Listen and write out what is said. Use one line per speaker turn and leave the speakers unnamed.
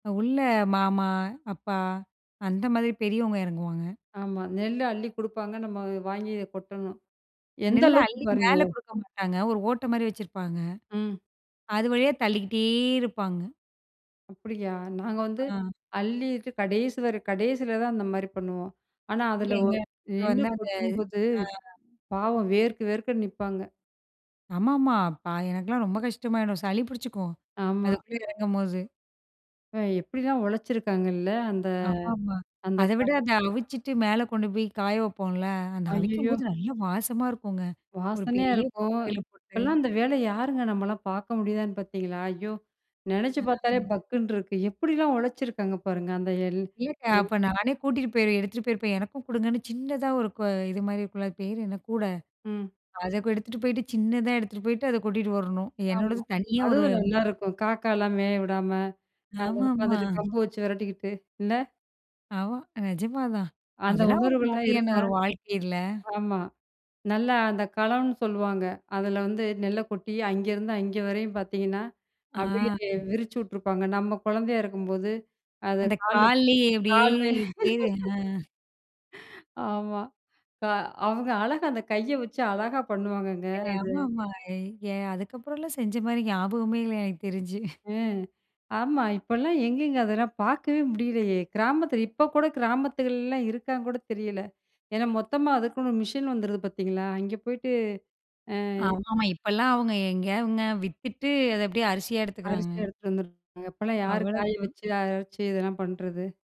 உள்ள மாமா, அப்பா அந்த மாரி பெரியவங்க எறங்குவாங்க.
ஆமா, நெல் அள்ளி குடுப்பாங்க. நம்ம வாங்கி கொட்டணும். எந்த
நெல்ல
அளவுக்கு
அள்ளி
பாருங்க
மேல
ஒ
குடுக்க மாட்டாங்க. ஒரு ஓட்ட மாரி வச்சிருப்பாங்க.
ம்.
அது வழியா தள்ளிக்கிட்டே இருப்பாங்க.
அப்டியா! நாங்க வந்து
ஆ.
அள்ளிட்டு கடேசி வர கடேசில தான் அந்த மாரி பண்ணுவோம். ஆனா,
இல்ல
அதில ஒ
எங்க [unintelligible]
நின்னு
வந்து அந்த
கொட்டும்போது வித்
ஆ.
பாவம் வேர்க்க, வேர்க்க நிப்பாங்க.
ஆமாமா, பா எனக்கெல்லாம் ரொம்ப கஷ்டமாயிடும். சளி பிடிச்சிக்கும்.
ஆமா.
அதுக்குள்ள எறங்கும்போது.
அப்ப எப்படிலாம் உழச்சிருக்காங்கல்ல அந்த
ஆமாமா,
அந்த
அத விட
காலத்துல!
அத அவிச்சுட்டு மேல கொண்டு போய் காய வைப்போம்ல. அந்த
ஐயயோ!
அவிக்கும்போது நல்லா வாசமா இருக்குங்க. ஒரு
வாசனையா
பெரிய
இருக்கும்.
கொப்பறையில போட்டு
இப்போலாம் அந்த வேலைய யாருங்க நம்மலாம் பார்க்க முடியுதான்னு பார்த்தீங்களா, ஐயோ! நெனச்சு பார்த்தாலே
அ.
பக்குனு இருக்கு. எப்படிலாம் உழச்சிருக்காங்க பாருங்க. அந்த
இல்லக்கா,
[unintelligible]
அப்போ நானே கூட்டிட்டு போயிருவேன். எடுத்துட்டு போயிருப்பேன். எனக்கும் குடுங்கன்னு சின்னதா ஒரு கு இது மாரி இருக்கும்ல. அது பேர் என்ன? கூட!
ம்.
அத எடுத்துட்டு போய்ட்டு, சின்னதா எடுத்துட்டு போய்ட்டு அத கொட்டிட்டு வரணும்.
ஆமா,
என்னோடது தனியா ஒரு
அதுவும் நல்லாயிருக்கும். காக்காலாம் மேய விடாம, அங்க
ஆமாமா.
உட்காந்துட்டு கம்பு வச்சு வெரட்டிக்கிட்டு, இல்ல?
ஆமா, நிஜமா தான்.
அந்த
அதெல்லாம் ஒரு
உணர்வுகள்லாம்
மாதிரியான
இருக்கா?
ஒரு வாழ்க்கை இல்ல.
ஆமா, நல்லா அந்த களம்னு சொல்லுவாங்க. அதில வந்து நெல்ல கொட்டி அங்கேருந்து அங்கே வரையும் பார்த்தீங்கன்னா,
ஆ.
அப்படியே விரிச்சு விட்டுருப்பாங்க. நம்ம குழந்தையா இருக்கும்போது அத
அந்த
கால்ல போ
கால்லயே இப்டியே
கால்லயே.
பேரு ஆ.
ஆமா, க அவங்க அழகா அந்த கைய வச்சு அழகா பண்ணுவாங்கங்க.
எ
அது
ஆமாமா, எ அ அதுக்கப்புறம்லா செஞ்ச மாரி ஞாபகமே இல்ல எனக்கு தெரிஞ்சு.
ம். ஆமா, இப்போலாம் எங்கேங்க அதெல்லா பார்க்கவே முடியலையே, கிராமத்தில இப்போ கூட கிராமத்துகள்லலாம் இருக்கான்னு கூட தெரியல. ஏனா மொத்தமா அதுக்குன்னு ஒரு மிஷின் வந்துருது பார்த்தீங்களா, அங்க போயிட்டு அ.
ஆமாமா, இப்போலாம் அவங்க எங்க அவுங்க? வித்துட்டு அத அப்படியே அரிசியா
அரிசி
எடுத்துக்கிறாங்க.
எடுத்துட்டு வந்துருவாங்க. இப்பலாம் யார் காய
அவ்வளோதான்.
வச்சு, அரைச்சு இதெல்லாம் பண்றது?